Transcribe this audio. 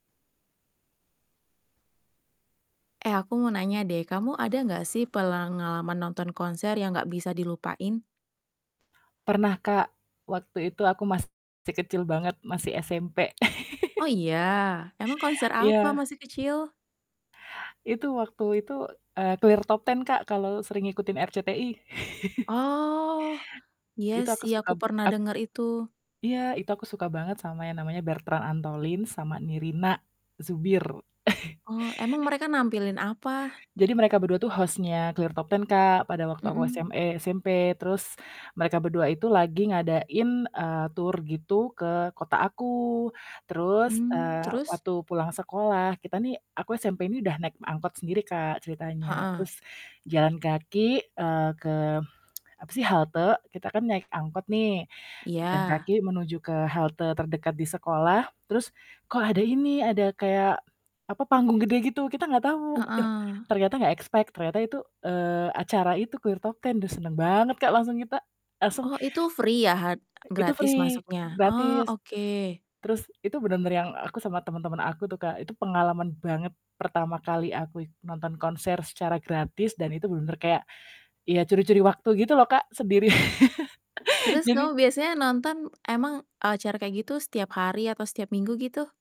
Eh aku mau nanya, deh kamu ada enggak sih pengalaman nonton konser yang enggak bisa dilupain? Pernah Kak waktu itu aku masih kecil banget, masih SMP. Oh iya emang konser apa Iya. masih kecil? Itu waktu itu, eee, Clear Top 10 Kak kalau sering ngikutin RCTI. Oh, iya Itu aku sih suka aku pernah at denger itu. Iya, itu aku suka banget sama yang namanya Bertrand Antolin sama Nirina Zubir. Oh, emang mereka nampilin apa? Jadi mereka berdua tuh host-nya ClearTtop 10, Kak, pada waktu aku SM Mhm. eee, SMP. Terus mereka berdua itu lagi ngadain, eee, tur gitu ke kota aku. Terus, Mmm, eee, terus? waktu pulang sekolah kita nih aku SMP ini udah naik angkot sendiri Kak ceritanya. Heeh. Terus jalan kaki, eee, ke apa sih halte kita kan naik angkot nih, jalan Iya. kaki menuju ke halte terdekat di sekolah, terus kok ada ini ada kayak apa panggung gede gitu, kita nggak tahu, yoh, Heeh. ternyata nggak expect ternyata itu, eee, acara itu Clear Top 10, duh seneng banget Kak langsung kita, langsung Oh itu free ya ha Itu gratis free, masuknya? Oh gratis. oke. Terus itu bener-bener yang aku sama temen-temen aku tuh Kak itu pengalaman banget pertama kali aku nonton konser secara gratis dan itu bener-bener kayak ya curi-curi waktu gitu loh Kak sendiri. Terus Jadi kamu biasanya nonton emang acara kayak gitu setiap hari atau setiap minggu gitu?